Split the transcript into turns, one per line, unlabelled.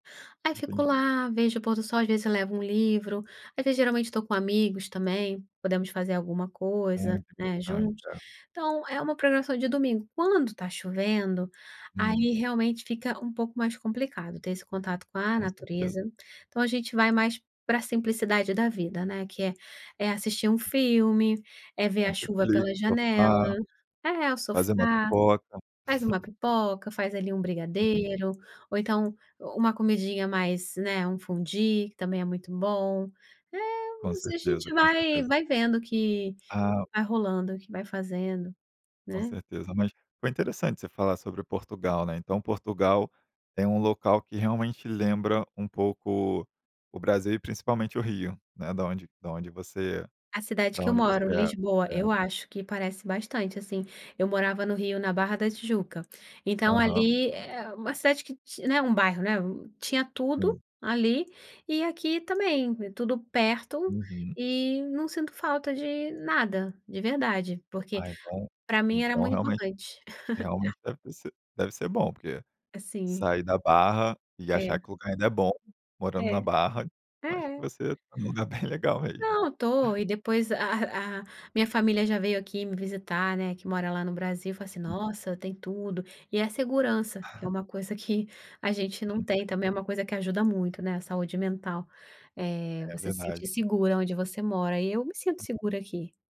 Aí fico
Entendi.
lá, vejo o pôr do sol, às vezes eu levo um livro, às vezes geralmente tô com amigos também, podemos fazer alguma coisa,
Muito
né,
importante,
juntos.
é.
Então, é uma programação de domingo, quando tá chovendo,
Hum.
aí realmente fica um pouco mais complicado ter esse contato com a
Com certeza.
natureza. Então a gente vai mais pra simplicidade da vida, né. Que é, é assistir um filme, é ver a chuva
Netflix,
pela janela,
sofá.
é, o
Fazer uma
sofá,
pipoca.
faz uma pipoca, faz ali um
Sim.
brigadeiro, ou então uma comidinha mais, né, um fondue que também é muito bom.
Com
É, a
certeza,
gente
com
vai
certeza.
vai vendo que
Ah.
vai rolando, que vai fazendo,
Com
né.
certeza. Mas foi interessante você falar sobre Portugal, né. Então, Portugal tem um local que realmente lembra um pouco o Brasil e principalmente o Rio, né, da onde da onde você
A cidade
da
que eu
onde
moro,
você é,
Lisboa, eu
é.
acho que parece bastante assim. Eu morava no Rio, na Barra da Tijuca, então
Aham.
ali é uma cidade que, né, um bairro, né, tinha tudo
Sim.
ali e aqui também, é tudo perto
Uhum.
e não sinto falta de nada de verdade, porque
Ah,
pra mim era
então,
muito
realmente
importante.
realmente deve ser bom, porque
É sim.
sair da Barra e achar
É.
que o lugar ainda é bom morando na
É,
Barra, eu acho
é.
que é um lugar bem legal mesmo.
Não estou e depois a a minha família já veio aqui me visitar, né, que mora lá no Brasil e falou assim:
Hum.
“Nossa, tem tudo!”. E a segurança, que é uma coisa que a gente não
Sim,
tem,
sim.
também é uma coisa que ajuda muito, né, a saúde mental, eh,
É
você se
verdade.
sentir segura
Isso.
onde você mora, e eu me sinto
Hum.
segura aqui.